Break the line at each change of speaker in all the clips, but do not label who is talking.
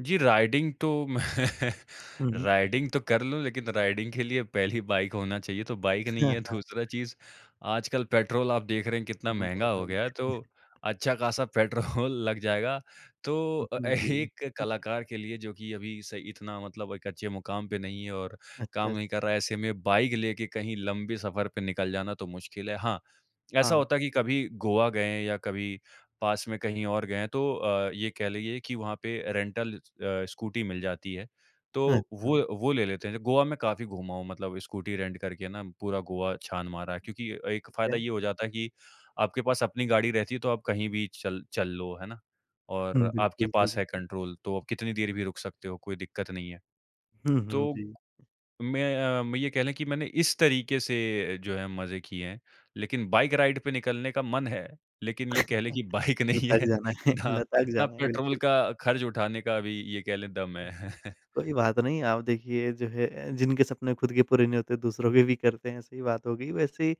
जी, riding तो मैं
हुँ, हुँ।
Riding तो कर लूँ लेकिन राइडिंग के लिए पहली बाइक होना चाहिए, तो बाइक नहीं है, दूसरा चीज़ आजकल पेट्रोल आप देख रहे हैं कितना
हुँ, हुँ।
महँगा
बहुत
हो
सही।
गया है, तो अच्छा-खासा पेट्रोल लग जाएगा, तो
हुँ,
अ अ,
हुँ। जी।
एक कलाकार के लिए जो कि अभी सही इतना मतलब एक अच्छे मुकाम पे नहीं है और
अच्छा
काम
अच
नहीं कर रहा है, ऐसे में बाइक लेके कहीं लंबे सफ़र पे निकल जाना तो मुश्किल है। हाँ, ऐसा
हाँ।
होता है कि कभी गोवा गए हैं या कभी पास में कहीं और गए हैं तो अ, ये कह लीजिए कि वहाँ पे रेन्टल अ, स्कूटी मिल जाती है, तो वो
अच्छा।
वो ले लेते हैं, ज गोवा में काफ़ी घूमा हूँ, मतलब स्कूटी रेंट करके ना पूरा गोवा छान मारा है क्योंकि एक
ठीक
फ़ायदा
है।
ये हो जाता है कि आपके पास अपनी गाड़ी रहती है तो आप कहीं भी चल चल लो, है ना?
हुँ,
और आपके
बिल्कुल सही
पास है
बात है।
कंट्रोल तो आप कितनी देर भी रुक सकते हो, कोई दिक्कत नहीं है,
हुँ, हुँ।
तो
जी।
मैं अ, मैं ये कह लें कि मैंने इस तरीक़े से जो है मज़े किए हैं लेकिन बाइक राइड पे निकलने का मन है लेकिन ये कह लें कि बाइक नहीं
लटक
है
जाना है
ना, ना
लटक
ना
जाना है,
पेट्रोल
बिल्कुल।
का खर्च उठाने का अभी ये कह लें दम है।
कोई बात नहीं, आप देखिए जो है जिनके सपने खुद के पूरे नहीं होते दूसरों के भी करते हैं, सही बात हो गई। वैसे ही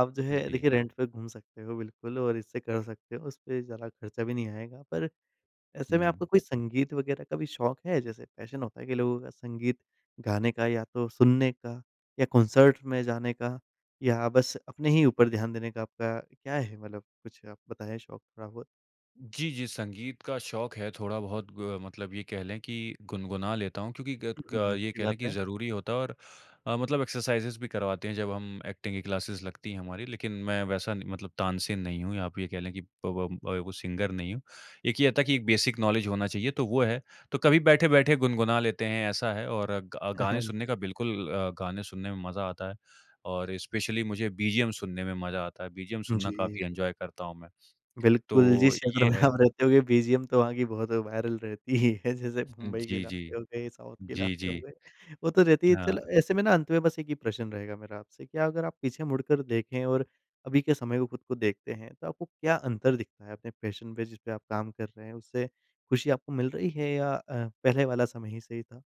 आप जो है
जी।
देखिए रेंट पे घूम सकते हो बिल्कुल और इससे कर सकते हो, उसपे ज़्यादा खर्चा भी नहीं आएगा पर ऐसे में
हुँ।
आपको कोई संगीत वग़ैरह का भी शौक है, जैसे पैशन होता है कि लोगों का संगीत गाने का या तो सुनने का या कॉन्सर्ट में जाने का या बस अपने ही ऊपर ध्यान देने का आपका, क्या है मतलब, कुछ आप बताएँ शौक थोड़ा-बहुत?
जी, जी संगीत का शौक है थोड़ा-बहुत अ, मतलब ये कह लें कि गुनगुना लेता हूँ क्योंकि ग
हुँ, हुँ,
ग
हुँ।
ये
अच्छी
कह
बात
लें कि
है।
ज़रूरी होता और अ, मतलब एक्सरसाइज़ेज़ भी करवाते हैं जब हम ऐक्टिंग की क्लासेस लगती हैं हमारी, लेकिन मैं वैसा न मतलब तानसेन नहीं हूँ या आप ये कह लें कि प व वो सिंगर नहीं हूँ। एक ये था कि एक बेसिक नॉलेज होना चाहिए तो वो है, तो कभी बैठे-बैठे गुनगुना लेते हैं ऐसा है और ग अ, गाने सुनने
ठीक
का
है।
बिल्कुल अ, गाने सुनने में मज़ा आता है और स्पेशली मुझे बीजीएम सुनने में मज़ा आता है, बीजीएम सुनना
जी।
काफ़ी इन्जॉय करता हूँ मैं,
बिल्कुल
तो
जिस क्षेत्र
ये
में
है।
आप रहते होगे बीजीएम तो वहाँ की बहुत वायरल रहती ही है, जैसे मुंबई के
जी,
इलाके
जी।
हो गए, साउथ के
जी,
इलाके हो
जी।
गए, वो तो रहती है। चलो
हाँ।
ऐसे में ना अंत में बस एक ही प्रश्न रहेगा मेरा आपसे कि अगर आप पीछे मुड़कर देखें और अभी के समय को ख़ुद को देखते हैं, तो आपको क्या अंतर दिखता है अपने पैशन पे जिसपे आप काम कर रहे हैं, उससे खुशी आपको मिल रही है या अ, पहले वाला समय ही सही था?